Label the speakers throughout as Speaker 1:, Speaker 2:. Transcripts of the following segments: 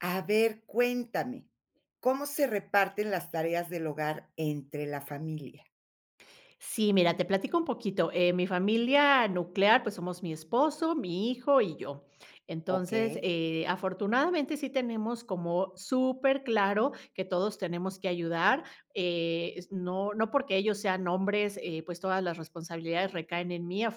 Speaker 1: A ver, cuéntame, ¿cómo se reparten las tareas del hogar entre la familia?
Speaker 2: Sí, mira, te platico un poquito, eh, mi familia nuclear, pues somos mi esposo, mi hijo y yo. Entonces,
Speaker 1: Okey.
Speaker 2: eh, afortunadamente sí tenemos como superclaro que todos tenemos que ayudar, eh, s no no porque ellos sean hombres, eh pues todas las responsabilidades recaen en mí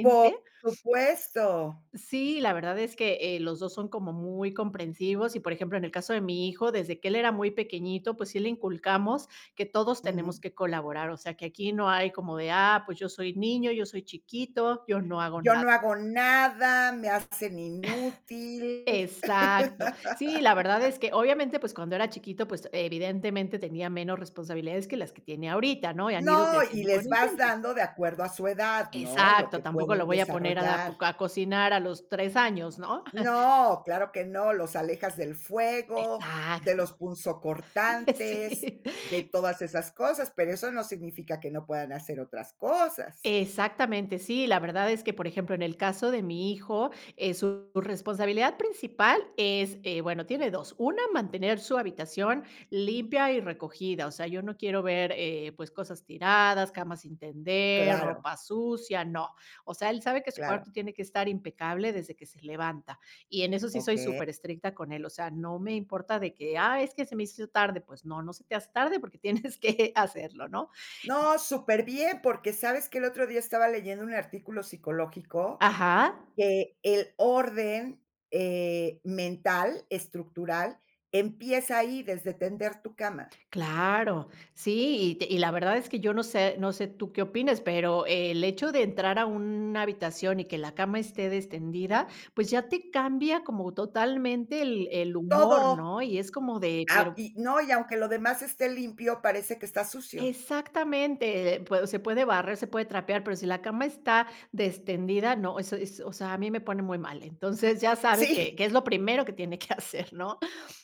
Speaker 1: Por supuesto.
Speaker 2: Sí, la verdad es que eh, los dos son como muy comprensivos y por ejemplo, en el caso de mi hijo, desde que él era muy pequeñito, pues sí le inculcamos, que todos tenemos
Speaker 1: Ujú.
Speaker 2: que colaborar, o sea, que aquí no hay como de: "Ah, pues yo soy niño, yo soy chiquito, yo no hago
Speaker 1: Yo no
Speaker 2: nada".
Speaker 1: hago nada, me hacen inútil.
Speaker 2: Exacto. Sí, la verdad es que obviamente, pues cuando era chiquito, pues evidentemente tenía menos responsabilidades que las que tiene ahorita, ¿no? Y han ido
Speaker 1: No, y
Speaker 2: creciendo con
Speaker 1: les
Speaker 2: el
Speaker 1: vas
Speaker 2: tiempo.
Speaker 1: dando de acuerdo a su edad, ¿no? Lo
Speaker 2: Exacto,
Speaker 1: que
Speaker 2: tampoco lo
Speaker 1: pueden
Speaker 2: voy a poner a da po
Speaker 1: desarrollar.
Speaker 2: a cocinar a los 3 años, ¿no?
Speaker 1: No, claro que no, los alejas del fuego, de
Speaker 2: Exacto,
Speaker 1: los punzocortantes,
Speaker 2: sí.
Speaker 1: de todas esas cosas, pero eso no significa que no puedan hacer otras cosas.
Speaker 2: Exactamente, sí, la verdad es que, por ejemplo, en el caso de mi hijo, eh su responsabilidad principal es eh bueno, tiene 2, una, mantener su habitación limpia y recogida. O sea, yo no quiero ver, eh, pues cosas tiradas, camas sin tender,
Speaker 1: Claro.
Speaker 2: ropa sucia, no. O sea, él sabe que su
Speaker 1: Claro.
Speaker 2: cuarto tiene que estar impecable desde que se levanta y en eso sí soy
Speaker 1: Oke
Speaker 2: superestricta con él. O sea, no me importa de que: "Ah, es que se me hizo tarde". Pues no, no se te hace tarde porque tienes que hacerlo, ¿no?
Speaker 1: No, superbién, porque ¿sabes qué? El otro día estaba leyendo un artículo psicológico
Speaker 2: Ajá.
Speaker 1: que el orden eh, mental, estructural, empieza ahí, desde tender tu cama.
Speaker 2: Claro, sí, y te y la verdad es que yo no sé no sé tú qué opines, pero el hecho de entrar a una habitación y que la cama esté destendida, pues ya te cambia como totalmente el el humor,
Speaker 1: Todo,
Speaker 2: ¿no? Y es como de
Speaker 1: ah
Speaker 2: pero
Speaker 1: y no, y aunque lo demás esté limpio parece que está sucio.
Speaker 2: exactamente, eh pue se puede barrer, se puede trapear, pero si la cama está, destendida, no, eso eso es, o sea, a mí me pone muy mal, entonces ya sabe
Speaker 1: Sí.
Speaker 2: que, que es lo primero que tiene que hacer, ¿no?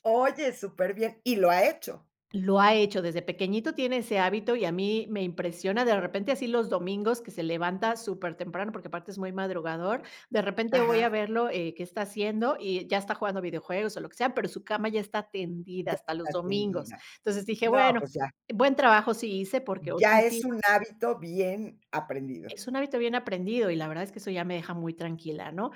Speaker 1: Oye, superbién, y lo ha hecho.
Speaker 2: Lo ha hecho, desde pequeñito, tiene ese hábito y a mí, me impresiona de repente, así los domingos que se levanta supertemprano, porque aparte es muy madrugador. De repente voy a
Speaker 1: Ajá.
Speaker 2: verlo, eh, qué está haciendo y ya está jugando videojuegos o lo que sea, pero su cama ya está tendida
Speaker 1: Ya,
Speaker 2: hasta los
Speaker 1: está
Speaker 2: domingos.
Speaker 1: tendida,
Speaker 2: Entonces dije:
Speaker 1: no,
Speaker 2: "Bueno,
Speaker 1: pues ya.
Speaker 2: buen trabajo sí hice". Porque oh, sí,
Speaker 1: Ya es
Speaker 2: sí
Speaker 1: un hábito bien aprendido.
Speaker 2: es un hábito bien aprendido y la verdad es que eso ya me deja muy tranquila ¿no?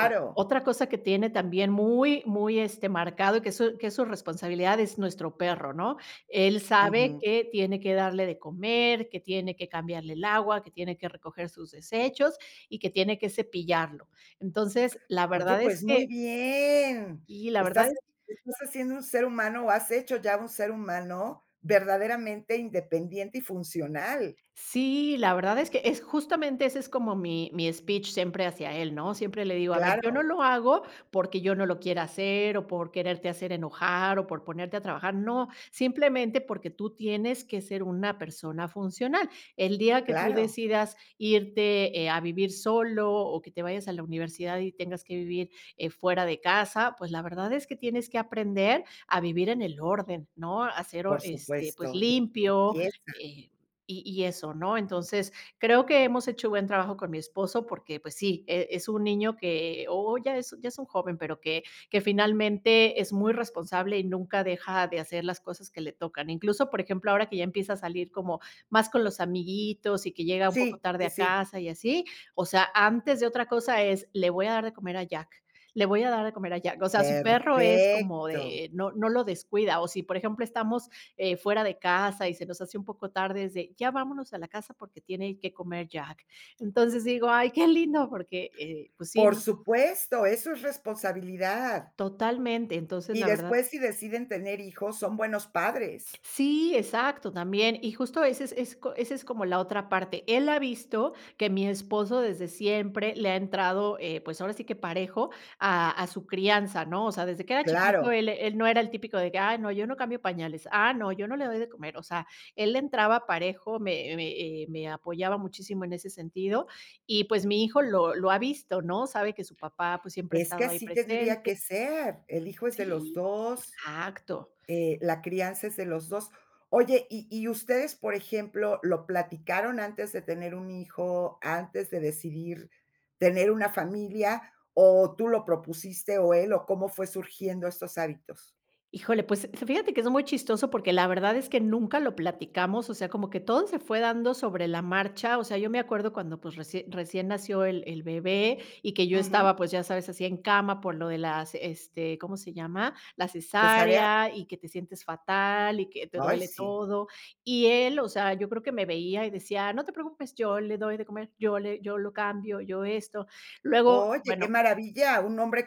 Speaker 2: Eh, otra cosa que tiene también muy, muy este, marcado y que es su que es su responsabilidad es nuestro perro, ¿no? Él sabe
Speaker 1: Ujú.
Speaker 2: que tiene que darle de comer, que tiene que cambiarle el agua, que tiene que recoger sus desechos y que tiene que cepillarlo. Entonces la
Speaker 1: Oye,
Speaker 2: verdad es
Speaker 1: pues
Speaker 2: que
Speaker 1: muy bien,
Speaker 2: y la verdad
Speaker 1: estás
Speaker 2: es
Speaker 1: estás haciendo un ser humano o has hecho ya un ser humano verdaderamente independiente y funcional.
Speaker 2: sí, la verdad es que, es justamente ese es como mi mi speech siempre hacia él, ¿no? Siempre le digo: "A ver, yo no
Speaker 1: Claro.
Speaker 2: lo hago porque yo no lo quiera hacer o por quererte hacer enojar o por ponerte a trabajar, no, simplemente porque tú tienes que ser una persona funcional. El día que tú
Speaker 1: Claro.
Speaker 2: decidas irte, eh, a vivir solo o que te vayas a la universidad y tengas que vivir, eh, fuera de casa, pues la verdad es que tienes que aprender a vivir en el orden, ¿no? A ser orde
Speaker 1: Por
Speaker 2: este, pues
Speaker 1: supuesto [unintelligible]
Speaker 2: limpio,
Speaker 1: empieza.
Speaker 2: eh, y y eso, ¿no?". Entonces, creo que hemos hecho buen trabajo con mi esposo, porque, pues sí, eh, es un niño que o ya es ya es un joven, pero que que finalmente es muy responsable y nunca deja de hacer las cosas que le tocan. Incluso, por ejemplo, ahora que ya empieza a salir como, más con los amiguitos y que llega un poco
Speaker 1: Sí,
Speaker 2: tarde
Speaker 1: eh,
Speaker 2: a
Speaker 1: sí.
Speaker 2: casa y así, o sea, antes de otra cosa es: "Le voy a dar de comer a Jack, le voy a dar de comer a Jack". O sea, su perro es como
Speaker 1: Perfecto.
Speaker 2: de eh no no lo descuida, o si por ejemplo, estamos eh, fuera de casa y se nos hace un poco tarde, es de: "Ya vámonos a la casa porque tiene que comer Jack". Entonces digo: "Ay, qué lindo". Porque eh pues sí,
Speaker 1: Por
Speaker 2: ¿no?
Speaker 1: supuesto, eso es responsabilidad.
Speaker 2: Totalmente, entonces,
Speaker 1: Y
Speaker 2: la verdad
Speaker 1: después, si deciden tener hijos, son buenos padres.
Speaker 2: Sí, exacto también. Y justo ese es ese es co como la otra parte. Él ha visto que mi esposo desde siempre le ha entrado, eh, pues ahora sí que parejo a a su crianza, ¿no? O sea, desde que era chiquito,
Speaker 1: Claro.
Speaker 2: él él no era el típico de que: "Ay, no, yo no cambio pañales. Ah, no, yo no le doy de comer". O sea, él entraba parejo, me me eh me apoyaba muchísimo en ese sentido y, pues, mi hijo lo lo ha visto, ¿no? Sabe que su papá, pues, siempre ha
Speaker 1: Es que
Speaker 2: estado ahí
Speaker 1: así tendría
Speaker 2: presente
Speaker 1: que ser, el hijo es de los
Speaker 2: sí,
Speaker 1: 2,
Speaker 2: exacto.
Speaker 1: eh, la crianza es de los 2. Oye, ¿y y ustedes, por ejemplo, lo platicaron antes de tener un hijo, antes de decidir, tener una familia? ¿O tú lo propusiste, o él? ¿O cómo fue surgiendo estos hábitos?
Speaker 2: Híjole, pues fíjate que es muy chistoso porque la verdad es que nunca lo platicamos, o sea, como que todo se fue dando sobre la marcha. O sea, yo me acuerdo cuando, pues, recién recién nació el el bebé y que yo
Speaker 1: Ujú.
Speaker 2: estaba, pues ya sabes, así en cama por lo de las este ¿cómo se llama? La
Speaker 1: ¿Cesárea?
Speaker 2: cesárea y que te sientes fatal y que te
Speaker 1: Ay
Speaker 2: duele
Speaker 1: sí.
Speaker 2: todo y él, o sea, yo creo que me veía y decía: "No te preocupes, yo le doy de comer, yo le yo lo cambio, yo esto". Luego,
Speaker 1: Oye, qué
Speaker 2: bueno
Speaker 1: maravilla, un hombre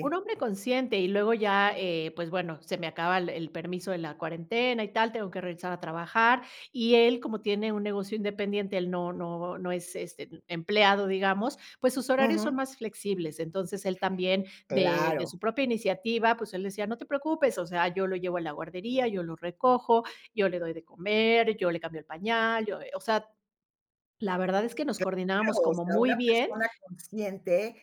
Speaker 2: un hombre consciente y luego ya, eh pues bueno, se me acaba el el permiso de la cuarentena y tal, tengo que regresar a trabajar y él como tiene un negocio independiente, él no no no es, este, em empleado, digamos, pues sus horarios son
Speaker 1: Ujú.
Speaker 2: más flexibles, entonces él también, de de
Speaker 1: Claro.
Speaker 2: su propia iniciativa, pues él decía: "No te preocupes, o sea, yo lo llevo a la guardería, yo lo recojo, yo le doy de comer, yo le cambio el pañal, yo". Eh, o sea, la verdad es que nos coordinábamos
Speaker 1: Claro, o
Speaker 2: como
Speaker 1: sea,
Speaker 2: muy
Speaker 1: una
Speaker 2: bien
Speaker 1: persona consciente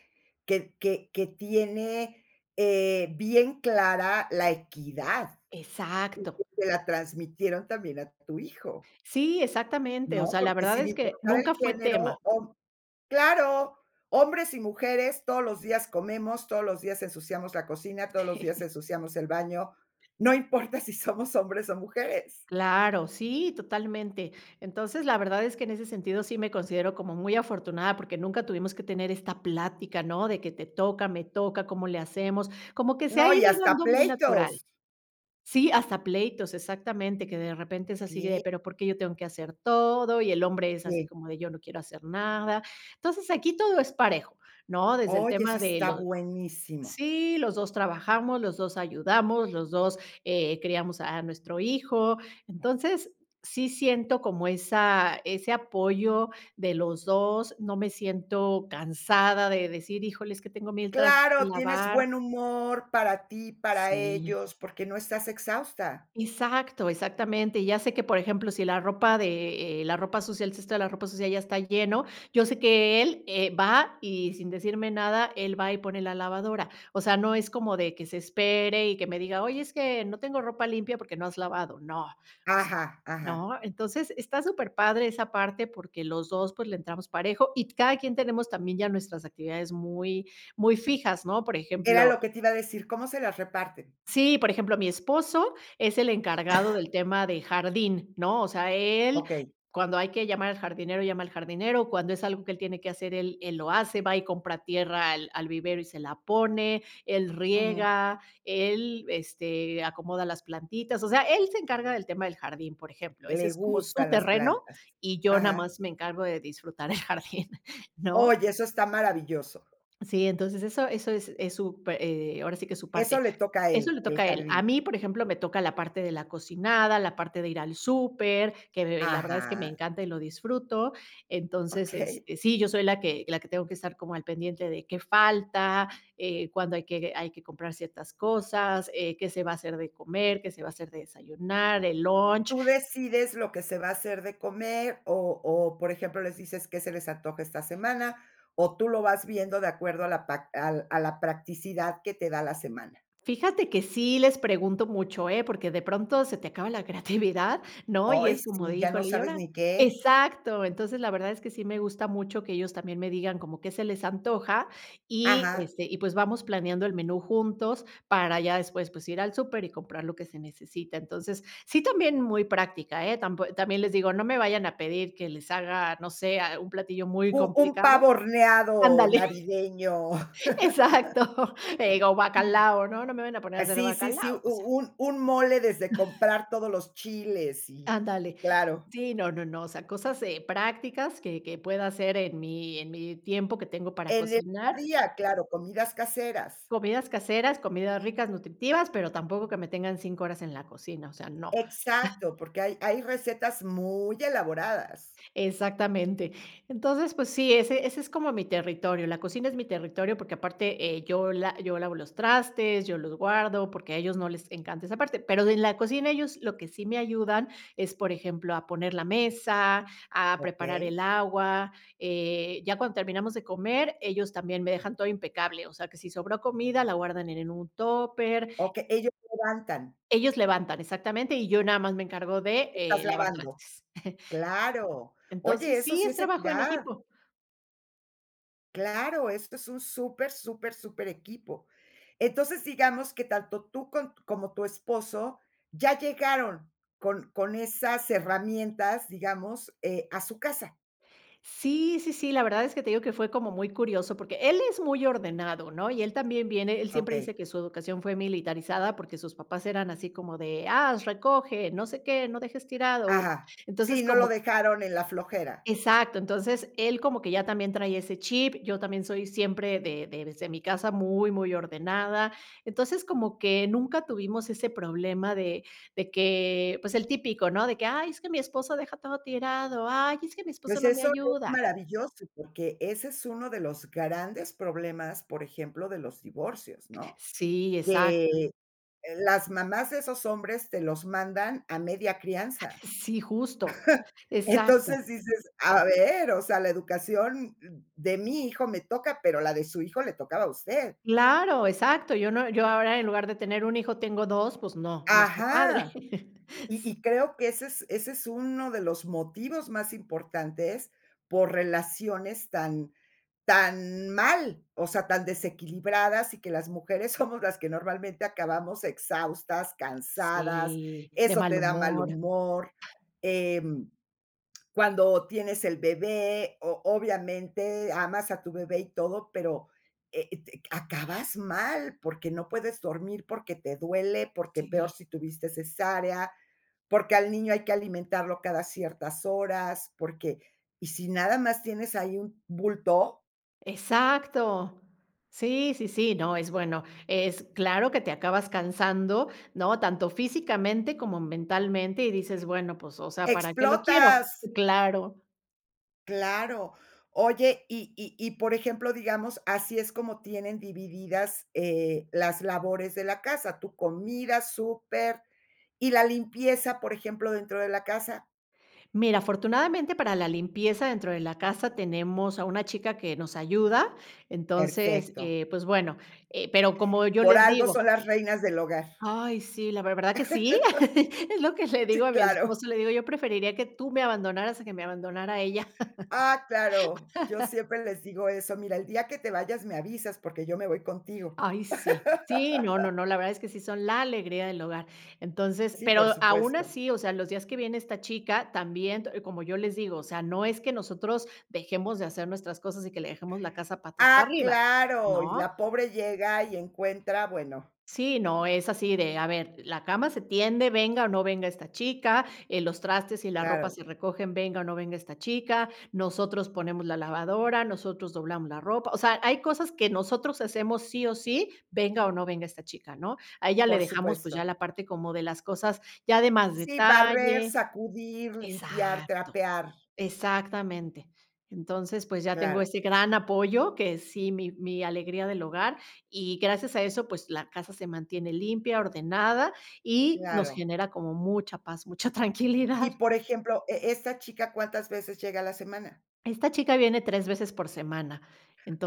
Speaker 1: que que que tiene eh, bien clara la equidad. Y que
Speaker 2: exacto.
Speaker 1: se la transmitieron también a tu hijo
Speaker 2: Sí, exactamente, o
Speaker 1: ¿no?
Speaker 2: sea, la
Speaker 1: Porque
Speaker 2: verdad
Speaker 1: sin
Speaker 2: es que,
Speaker 1: importar el
Speaker 2: nunca fue
Speaker 1: género
Speaker 2: tema.
Speaker 1: o ¡claro! hombres y mujeres todos los días comemos, todos los días ensuciamos la cocina, todos los días ensuciamos el baño, no importa si somos hombres o mujeres.
Speaker 2: Claro, sí, totalmente. Entonces, la verdad es que en ese sentido sí me considero como muy afortunada porque nunca tuvimos que tener esta plática, ¿no? De que te toca, me toca, ¿cómo le hacemos? Como que se ha
Speaker 1: No y
Speaker 2: ido
Speaker 1: hasta
Speaker 2: dando muy natural.
Speaker 1: pleitos.
Speaker 2: Sí, hasta pleitos, exactamente, que de repente es así de:
Speaker 1: Sí.
Speaker 2: "Pero por qué yo tengo que hacer todo". Y el hombre es así
Speaker 1: Sí.
Speaker 2: como de: "Yo no quiero hacer nada". Entonces aquí todo es parejo, ¿no? Desde el
Speaker 1: Oye
Speaker 2: tema
Speaker 1: eso
Speaker 2: de
Speaker 1: está
Speaker 2: lo
Speaker 1: buenísimo.
Speaker 2: sí los 2 trabajamos, los 2 ayudamos, los 2 eh, criamos a nuestro hijo, entonces sí siento como esa ese apoyo de los 2, no me siento cansada de decir: "Híjole es que tengo mientras que
Speaker 1: Claro, tienes
Speaker 2: lavar"
Speaker 1: buen humor para ti, para
Speaker 2: sí.
Speaker 1: ellos, porque no estás exhausta.
Speaker 2: Exacto, exactamente, ya sé que por ejemplo si la ropa de eh, la ropa sucia, el cesto de la ropa sucia ya está lleno, yo sé que él eh, va y sin decirme nada, él va y pone la lavadora. O sea, no es como de que se espere y que me diga: "Oye, es que no tengo ropa limpia porque no has lavado". No, o sea,
Speaker 1: Ajá, ajá.
Speaker 2: ¿no? Entonces está superpadre esa parte, porque los 2, pues, le entramos parejo y t cada quien tenemos también ya nuestras actividades muy, muy fijas, ¿no? Por
Speaker 1: Era
Speaker 2: ejemplo
Speaker 1: lo que te iba a decir, ¿cómo se las reparten?
Speaker 2: sí, por ejemplo, mi esposo es el encargado del tema de jardín, ¿no? O sea, él
Speaker 1: Okey.
Speaker 2: cuando hay que llamar al jardinero llama al jardinero, cuando es algo que él tiene que hacer, él él lo hace va y compra tierra al al vivero y se la pone, él
Speaker 1: Ujú.
Speaker 2: riega, él este acomoda las plantitas, o sea, él se encarga del tema del jardín, por ejemplo, ese
Speaker 1: Le
Speaker 2: es como su
Speaker 1: gustan las
Speaker 2: terreno
Speaker 1: plantas,
Speaker 2: y yo nada
Speaker 1: ajá.
Speaker 2: más me encargo de disfrutar el jardín, ¿no?
Speaker 1: Oye, eso está maravilloso.
Speaker 2: Sí, entonces eso eso es es su pe eh, ahora sí que su parte,
Speaker 1: Eso le toca a
Speaker 2: eso
Speaker 1: él,
Speaker 2: le toca
Speaker 1: el
Speaker 2: a él. A
Speaker 1: jardín.
Speaker 2: mí, por ejemplo, me toca la parte de la cocinada, la parte de ir al súper, que, de eh, la verdad es que me
Speaker 1: Ajá.
Speaker 2: encanta y lo disfruto. Entonces,
Speaker 1: Okey.
Speaker 2: este, sí, yo soy la que la que tengo que estar como al pendiente de qué falta, eh, cuándo hay que hay que comprar ciertas cosas, eh, qué se va a hacer de comer, qué se va a hacer de desayunar, el lunch
Speaker 1: ¿Tú decides lo que se va a hacer de comer? O o, por ejemplo, les dices: "¿Qué se les antoja esta semana?". ¿O tú lo vas viendo de acuerdo a la pa al, a la practicidad que te da la semana?
Speaker 2: fíjate que sí les pregunto mucho, ¿eh? Porque de pronto se te acaba la creatividad, ¿no? Y
Speaker 1: Ay,
Speaker 2: es como
Speaker 1: sí,
Speaker 2: de:
Speaker 1: ya no
Speaker 2: "Híjole, ¿y
Speaker 1: sabes
Speaker 2: ahora?".
Speaker 1: ni qué.
Speaker 2: Exacto, entonces, la verdad es que sí me gusta mucho que ellos también me digan como que se les antoja y,
Speaker 1: Ajá.
Speaker 2: este, y pues vamos planeando el menú juntos para ya después, pues ir al súper y comprar lo que se necesita. Entonces, sí, también muy práctica, eh, tampo también les digo, no me vayan a pedir que les haga no sé ah un platillo muy
Speaker 1: U un
Speaker 2: complicado,
Speaker 1: pavo horneado
Speaker 2: andale.
Speaker 1: navideño.
Speaker 2: Exacto, eh, o bacalao, ¿no? No me vayan a poner a
Speaker 1: Eh
Speaker 2: hacer
Speaker 1: sí, sí, sí,
Speaker 2: bacalao,
Speaker 1: u
Speaker 2: o sea.
Speaker 1: u un mole desde comprar todos los chiles y,
Speaker 2: Ándale.
Speaker 1: claro.
Speaker 2: Sí, no, no, no, o sea, cosas eh, prácticas que que pueda hacer en mi en mi tiempo que tengo para
Speaker 1: En el
Speaker 2: cocinar
Speaker 1: día, claro, comidas caseras.
Speaker 2: comidas caseras, comidas ricas, nutritivas, pero tampoco que me tengan 5 horas en la cocina, o sea, no.
Speaker 1: Exacto, porque hay hay recetas muy elaboradas.
Speaker 2: Exactamente. Entonces, pues sí, ese ese es como mi territorio, la cocina es mi territorio, porque aparte eh, yo la yo lavo los trastes, yo los guardo porque a ellos no les encanta esa parte, pero de en la cocina ellos lo que sí me ayudan es, por ejemplo, a poner la mesa, a preparar
Speaker 1: Okey.
Speaker 2: el agua, eh, ya cuando terminamos de comer, ellos también me dejan todo impecable, o sea que si sobró comida, la guardan en en un tupper
Speaker 1: Okey ellos se levantan.
Speaker 2: ellos levantan exactamente y yo nada más me encargo de,
Speaker 1: Estás
Speaker 2: eh, lavar
Speaker 1: lavando,
Speaker 2: trastes.
Speaker 1: claro. Oye,
Speaker 2: Entonces
Speaker 1: eso
Speaker 2: sí,
Speaker 1: sí
Speaker 2: es
Speaker 1: es
Speaker 2: trabajo en
Speaker 1: equidad.
Speaker 2: equipo.
Speaker 1: Claro, esto es un super, super, superequipo. Entonces, digamos que tanto tú con como tu esposo ya llegaron con con esas herramientas, digamos, eh, a su casa.
Speaker 2: Sí, sí, sí, la verdad es que te digo que fue como muy curioso porque él es muy ordenado, ¿no?, y él también viene él siempre
Speaker 1: Okey.
Speaker 2: dice que su educación fue militarizada porque sus papás eran así como de: "¡Ah, recoge! ¡No sé qué, no dejes tirado!".
Speaker 1: Ajá, sí,
Speaker 2: Entonces,
Speaker 1: no lo
Speaker 2: como que
Speaker 1: dejaron en la flojera.
Speaker 2: Exacto, entonces él como que ya también trae ese chip, yo también soy siempre de de desde mi casa muy, muy ordenada. Entonces, como que nunca tuvimos ese problema de, de que, pues, el típico, ¿no?, de que: "Ay, es que mi esposo deja todo tirado. Ay, es que mi esposo
Speaker 1: Pues
Speaker 2: no me
Speaker 1: eso es
Speaker 2: ayuda".
Speaker 1: maravilloso porque ese es uno de los grandes problemas, por ejemplo, de los divorcios, ¿no?,
Speaker 2: Sí, exacto.
Speaker 1: que las mamás de esos hombres te los mandan a media crianza.
Speaker 2: Sí, justo,
Speaker 1: Entonces
Speaker 2: exacto.
Speaker 1: dices: "A ver, o sea, la educación de mi hijo me toca, pero la de su hijo le tocaba a usted".
Speaker 2: Claro, exacto, yo no yo ahora en lugar de tener 1 hijo tengo 2, pues no, no está padre.
Speaker 1: Ajá. Y y creo que ese es ese es uno de los motivos más importantes por relaciones tan, tan mal, o sea, tan desequilibradas, y que las mujeres somos las que normalmente acabamos exhaustas, cansadas,
Speaker 2: Sí, de
Speaker 1: eso
Speaker 2: mal
Speaker 1: te da mal
Speaker 2: humor.
Speaker 1: humor. Em, cuando tienes el bebé, o obviamente amas a tu bebé y todo, pero, e et eh, acabas mal porque no puedes dormir, porque te duele, porque peor
Speaker 2: Sí.
Speaker 1: si tuviste cesárea, porque al niño hay que alimentarlo cada ciertas horas, porque y si nada más tienes ahí un bulto
Speaker 2: Exacto, sí, sí, sí, no es bueno, es claro que te acabas cansando, ¿no?, tanto físicamente como mentalmente y dices: "Bueno, pues, o sea, ¿para qué lo quiero?".
Speaker 1: ¡Explotas!
Speaker 2: Claro.
Speaker 1: Claro. Oye, y y y, por ejemplo, digamos, así es como tienen divididas, eh, las labores de la casa. Tú, comida, súper. ¿Y la limpieza, por ejemplo, dentro de la casa?
Speaker 2: Mira, afortunadamente, para la limpieza dentro de la casa, tenemos a una chica que nos ayuda. Entonces,
Speaker 1: Perfecto.
Speaker 2: eh, pues bueno. Eh, pero como yo
Speaker 1: Por
Speaker 2: les
Speaker 1: algo
Speaker 2: digo
Speaker 1: son las reinas del hogar.
Speaker 2: Ay sí, la ver ¿Verdad que sí? Es lo que le digo
Speaker 1: Sí,
Speaker 2: a mi
Speaker 1: claro.
Speaker 2: esposo, le digo: "Yo preferiría que tú me abandonaras a que me abandonara ella".
Speaker 1: ¡Ah, claro! Yo siempre les digo eso: "Mira, el día que te vayas, me avisas porque yo me voy contigo".
Speaker 2: ¡Ay, sí! Sí, no, no, no. La verdad es que sí son la alegría del hogar. Entonces
Speaker 1: Sí, por
Speaker 2: pero, aun
Speaker 1: supuesto.
Speaker 2: así, o sea, los días que viene esta chica, también, te como yo les digo: "O sea, no es que nosotros dejemos de hacer nuestras cosas y que le dejemos la casa patas para
Speaker 1: Ah,
Speaker 2: arriba",
Speaker 1: claro. Y
Speaker 2: ¿no?
Speaker 1: la pobre llega, y encuentra bueno.
Speaker 2: Sí, no. Es así de: "A ver, la cama se tiende venga, o no venga esta chica". Eh, los trastes y la ropa
Speaker 1: Claro.
Speaker 2: se recogen venga, o no venga esta chica. Nosotros ponemos la lavadora, nosotros doblamos la ropa. O sea, hay cosas que nosotros hacemos sí o sí, venga o no venga esta chica, ¿no? A ella le
Speaker 1: Por
Speaker 2: dejamos, pues, ya
Speaker 1: supuesto.
Speaker 2: la parte como de las cosas, ya de más
Speaker 1: Sí. Barrer,
Speaker 2: detalle.
Speaker 1: sacudir, limpiar,
Speaker 2: Exacto.
Speaker 1: trapear.
Speaker 2: Exactamente. Entonces, pues, ya tengo
Speaker 1: Claro.
Speaker 2: ese gran apoyo que sí. Mi mi alegría del hogar. Y gracias a eso, pues la casa se mantiene limpia, ordenada y nos
Speaker 1: Claro.
Speaker 2: genera como mucha paz, mucha tranquilidad.
Speaker 1: Y, por ejemplo, e e esta chica, ¿cuántas veces llega a la semana?
Speaker 2: Esta chica viene 3 veces por semana,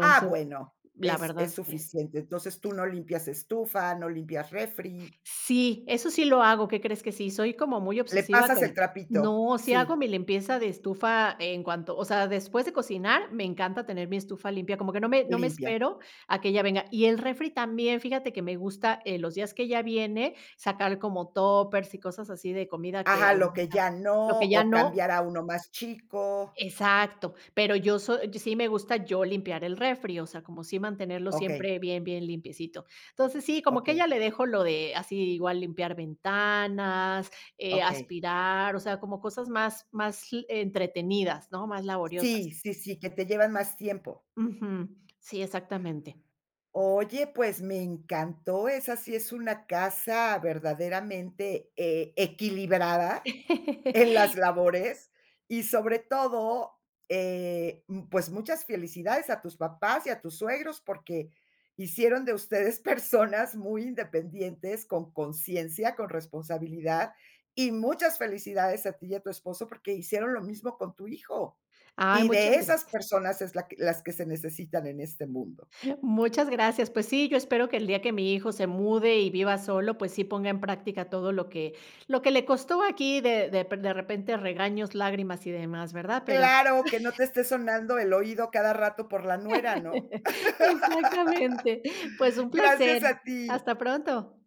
Speaker 1: Ah, bueno.
Speaker 2: la
Speaker 1: Es
Speaker 2: verdad
Speaker 1: es
Speaker 2: es que
Speaker 1: suficiente. Entonces, tú no limpias estufa, no limpias refri.
Speaker 2: Sí, eso sí lo hago, qué crees que sí. Soy como muy
Speaker 1: Le
Speaker 2: obsesiva
Speaker 1: pasas el
Speaker 2: con
Speaker 1: trapito.
Speaker 2: No, si hago
Speaker 1: Sí.
Speaker 2: mi limpieza de estufa en cuanto o sea, después de cocinar, me encanta tener mi estufa limpia. Como que no me no me
Speaker 1: Limpia.
Speaker 2: espero a que ella venga. Y el refri también, fíjate que me gusta, eh, los días que ella viene, sacar como Tuppers, y cosas así de comida que,
Speaker 1: Ajá. Lo que
Speaker 2: [unintelligible]
Speaker 1: ya
Speaker 2: lo
Speaker 1: no,
Speaker 2: que ya
Speaker 1: o
Speaker 2: no
Speaker 1: cambiar a uno más chico.
Speaker 2: Exacto. Pero yo so Sí me gusta, yo limpiar el refri, o sea, como sí mantenerlo
Speaker 1: Okey.
Speaker 2: siempre bien, bien limpiecito. Entonces, sí, como que a
Speaker 1: Okey.
Speaker 2: ella le dejo lo de así, igual limpiar ventanas, eh,
Speaker 1: Okey.
Speaker 2: aspirar, o sea, como cosas más más l entretenidas, ¿no?, más laboriosas.
Speaker 1: Sí, sí, sí. Que te llevan más tiempo.
Speaker 2: Ujú, sí, exactamente.
Speaker 1: Oye, pues, me encantó. Esa sí es una casa, verdaderamente eh, equilibrada en las labores. Y sobre todo, eh, m pues muchas felicidades a tus papás y a tus suegros, porque hicieron de ustedes personas muy independientes, con consciencia, con responsabilidad. Y muchas felicidades a ti y a tu esposo, porque hicieron lo mismo con tu hijo.
Speaker 2: Ay,
Speaker 1: Y de
Speaker 2: muchas
Speaker 1: esas
Speaker 2: gracias.
Speaker 1: personas es la que las que se necesitan en este mundo.
Speaker 2: Muchas gracias. Pues sí, yo espero que el día que mi hijo se mude y viva solo, pues sí ponga en práctica todo lo que lo que le costó aquí de depe de repente regaños, lágrimas y demás, ¿verdad? Pero
Speaker 1: ¡Claro! que no te esté sonando el oído a cada rato por la nuera, ¿no?
Speaker 2: Exactamente Pues un
Speaker 1: Gracias
Speaker 2: placer,
Speaker 1: a ti.
Speaker 2: hasta pronto.